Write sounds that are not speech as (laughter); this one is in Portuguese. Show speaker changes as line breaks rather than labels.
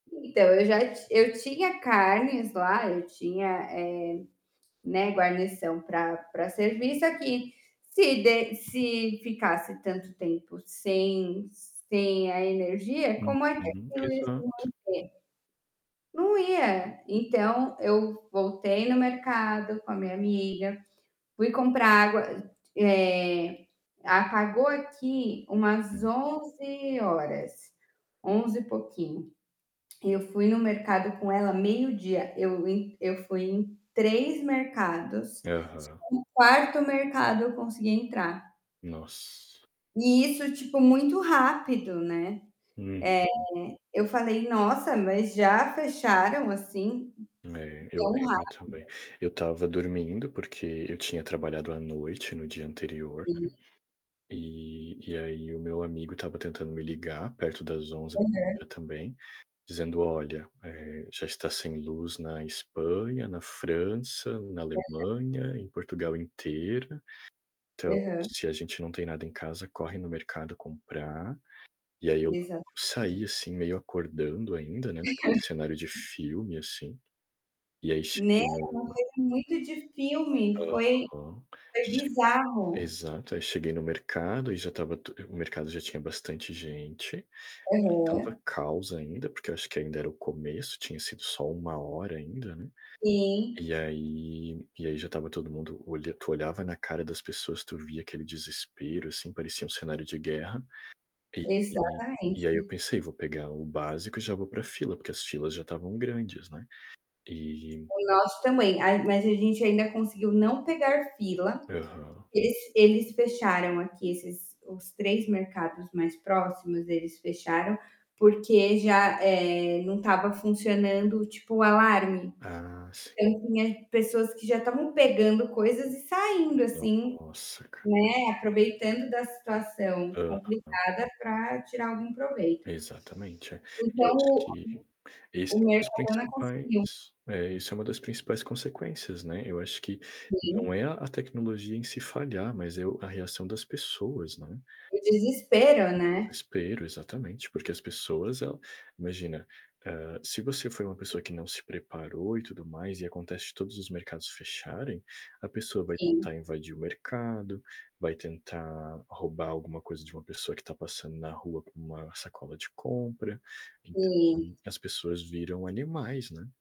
Então eu já ti eu tinha carnes lá, eu tinha, eh, né, guarnição para para servir só que, se de se ficasse tanto tempo sem sem a energia, como é que (unintelligible) ia
Uhum,
se manter?
exato.
Não ia, então eu v voltei no mercado com a minha amiga, fui comprar água, eh, apagou aqui umas
Hum.
11hs, 11 e pouquinho. Eu fui no mercado com ela meio-dia, eu ent eu fui em 3 mercados,
Aham.
só no 4º mercado eu consegui entrar.
Nossa.
E isso, tipo, muito rápido, né,
Uhum.
eh, eu falei nossa mas já fecharam, assim,
É, eu
tão
lembro
rápido?
também. Eu estava dormindo, porque eu tinha trabalhado à noite no dia anterior
(unintelligible)
e e aí o meu amigo estava tentando me ligar perto das 11
Aham.
(unintelligible) também, dizendo: "Olha, eh, já está sem luz na Espanha, na França, na
Aham.
Alemanha, em Portugal inteira. Então,
Aham.
se a gente não tem nada em casa corre no mercado comprar.". E aí eu
Exatamente.
saí assim meio acordando ainda, né, naquele cenário de
(unintelligible)
filme, assim. E aí
Né,
cheguei
é uma
no
coisa muito de filme, foi
aham,
foi
che
bizarro.
exato, aí cheguei no mercado e já estava tu o mercado já tinha bastante gente, não
Aham.
estava caos ainda porque eu acho que ainda era o começo, tinha sido só 1 hora ainda, né,
Sim.
e aí, e aí já estava todo mundo, olha tu olhava na cara das pessoas, tu via aquele desespero assim, parecia um cenário de guerra. E e aí eu
Exatamente.
pensei: "Vou pegar o básico e já vou para fila", porque as filas já estavam grandes, né, e
O nosso também, ai mas a gente ainda conseguiu não pegar fila,
Aham.
es eles fecharam aqui esses os 3 mercados mais próximos, eles fecharam, porque já, eh, não estava funcionando tipo o alarme.
Ah, sim.
Então tinha pessoas que já estavam pegando coisas e saindo assim,
Nossa, cara
né, aproveitando da situação
Aham.
complicada para tirar algum proveito.
Exatamente, é. Eu
Então,
acho
o oh, uh
que, esse
o
é um dos
mercado não
principais
conseguiu.
É isso é uma das principais consequências né, eu acho que, não
Sim.
é a tecnologia em se falhar, mas é o a reação das pessoas, né.
O desespero,
O
né.
desespero, exatamente, porque as pessoas ela imagina, ah, se você foi uma pessoa que não se preparou e tudo mais e acontece de todos os mercados fecharem, a pessoa vai
Sim.
tentar invadir o mercado, vai tentar roubar alguma coisa de uma pessoa que está passando na rua com uma sacola de compra. Ent
Sim.
hum, as pessoas viram animais, né.